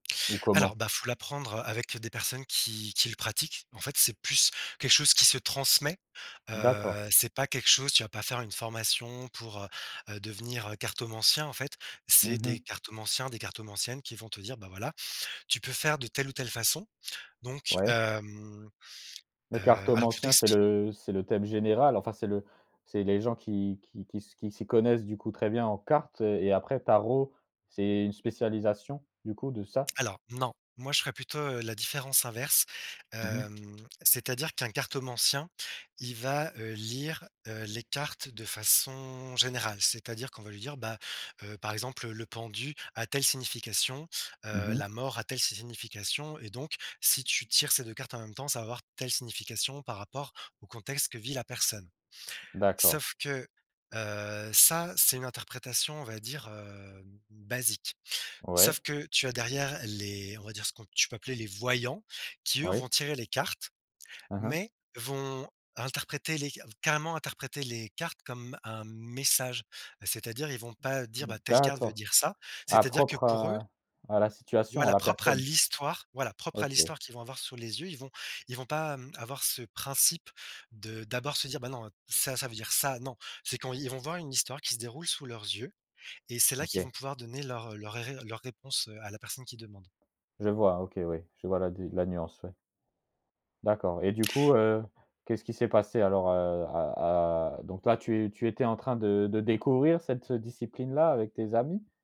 Ou Alors, comment? bah, il faut l'apprendre, heu, avec des personnes qui qui le pratiquent. En fait, c'est plus quelque chose qui se transmet. D'accord. Heu, c'est pas quelque chose tu vas pas faire une formation pour, heu, heu, devenir cartomancien en fait. C'est Mmh des mh. cartomanciens, des cartomanciennes, qui vont te dire: «Bah voilà, tu peux faire de telle ou telle façon». Donc Ouais. hem, Le heu, alors, pour cartomancien, c'est t'explique le c'est le thème général, enfin c'est le c'est les gens qui qui qui s qui s'y connaissent du coup très bien en cartes, heu et après tarot c'est c'est une spécialisation du coup de ça? Alors non, moi je ferais plutôt, heu, la différence inverse, Mmh mh. hem, c'est-à-dire qu'un cartomancien, il va, heu, lire, heu, les cartes de façon générale. C'est-à-dire qu'on va lui dire: «Bah, heu, par exemple le pendu a telle signification, Mmh heu, mh. la mort a telle signification et donc si tu tires ces 2 cartes en même temps, ça va avoir telle signification par rapport au contexte que vit la personne». D'accord. Sauf que, heu, ça, c'est une interprétation on va dire, heu, basique. Ouais. Sauf que tu as derrière les on va dire ce qu'on tu peux appeler les voyants qui eux, vont Oui. tirer les cartes, Hein hein. mais vont interpréter les ca carrément interpréter les cartes comme un message. Heu, c'est-à-dire, ils vont pas dire: «Bah, telle carte veut D'accord. dire ça», Ah, c'est-à-dire que propre pour eux à à la situation, à Voilà, la propre à personne? l'histoire, voilà propre à OK. l'histoire qu'ils vont avoir sous les yeux. Ils vont ils vont pas, hem, avoir ce principe de d'abord se dire: «Bah non ça, ça veut dire ça», non. C'est quand ils vont voir une histoire qui se déroule sous leurs yeux et c'est là qu'ils vont OK. pouvoir donner leur leur ré leurs réponses à la personne qui demande. Je vois, OK oui, je vois la di la nuance ouais. D'accord et du coup, heu, qu'est-ce qui s'est passé alors, heu, à à donc là, tu tu étais en train de de découvrir cette discipline-là avec tes amis?